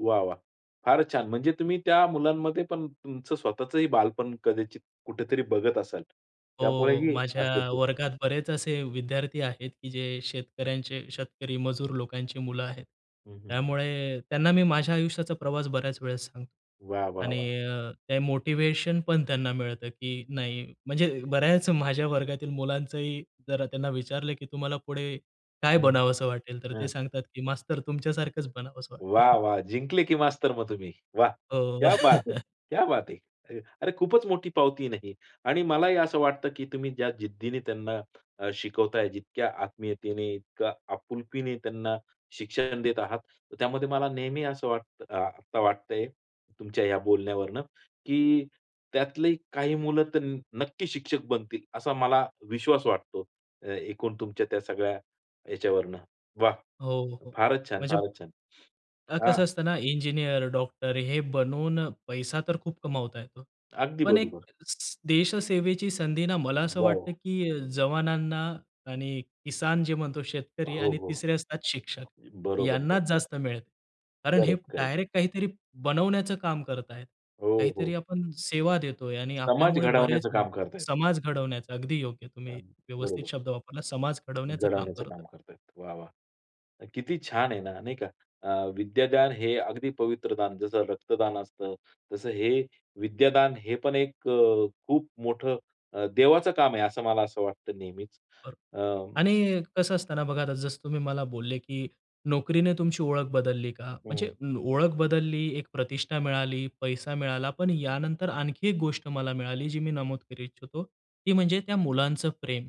वाह, वाह! फार छान, म्हणजे तुम्ही त्या मुलांमध्ये पण तुमचं स्वतःचंही बालपण कदाचित कुठेतरी बघत असाल. त्यामुळे हो, ही असेल माझ्या ते. वर्गात बरेच असे विद्यार्थी आहेत, की जे शेतकऱ्यांचे, शेतकरी-मजूर लोकांची मुलं आहेत. हं, हं, हं. त्यामुळे त्यांना मी माझ्या आयुष्याचा प्रवास बऱ्याच वेळेस सांगतो वाह, वाह, आणि वाह! ते मोटिव्हेशन पण त्यांना मिळतं की नाही म्हणजे, बऱ्याच माझ्या वर्गातील मुलांचंही जरा त्यांना विचारलं की, “तुम्हाला पुढे काय हं, बनावंस वाटेल?” तर ते ह. सांगतात की," मास्तर तुमच्या-सारखंच बनावंस वाटतं." वाह, वाह! जिंकले की मास्तर मग तुम्ही? वाह! हो. क्या बात हे, क्या बात हे! अ, अरे, खूपच मोठी पावती आहे ना ही आणि मलाही असं वाटतं, की तुम्ही ज्या जिद्दीने त्यांना अ, शिकवताय, जितक्या आत्मीयतेने, इतक्या आपुलकीने त्यांना शिक्षण देत आहात त्यामध्ये मला नेहमी असं वाटतं अ, आता वाटतंय तुमच्या बोलण्यावरन, की त्यातली काही मुलं तर न नक्की शिक्षक बनतील, असा मला विश्वास वाटतो, ए एकूण तुमच्या त्या सगळ्या याच्यावरन. वाह! हो, हो. फारच छान! म्हणजे फारच छान! अ, हा. कसं, असतं ना, इंजिनिअर, डॉक्टर हे बनवून पैसा तर खूप कमावता येतो. अगदी पण एक बरोबर. देश-सेवेची संधी ना मला असं वॉव! वाटतं, की जवानांना आणि किसान जे म्हणतो, शेतकरी हो, आणि हो. तिसरे असतात शिक्षक, यांनाच बरोबर-बरोबर. जास्त मिळते. कारण हे करेक्ट-करेक्ट. डायरेक्ट काहीतरी बनवण्याचं काम करतायेत. हो, हो. काहीतरी आपण सेवा देतोय आणि समाज आपल्यामुळे बरेच घडवण्याचं म काम करतायत. समाजघडवण्याचं अगदी योग्य, तुम्ही अ, व्यवस्थित बरोबर. शब्द वापरला, “समाज-घडवण्याचं” काम घडवण्याचं करतोय. काम करतायत. वाह वाह! किती छान आहे ना, नाही का? अ, विद्यादान हे अगदी पवित्र दान, जसं रक्तदान असतं तसं हे, विद्यादान हे पण एक अ, खूप मोठं अ, देवाचं काम आहे, असं मला असं वाटतं नेहमीच खरं अ आणि कसं असतं ना, बघा आता, जसं तुम्ही मला बोलले की, “नोकरीने तुमची ओळख बदलली का?” म्हणजे हं. लो ओळख बदलली, एक प्रतिष्ठा मिळाली, पैसा मिळाला, पण यानंतर आणखी एक गोष्ट मला मिळाली, जी मी नमूद करू इच्छितो. ती म्हणजे त्या मुलांचं प्रेम.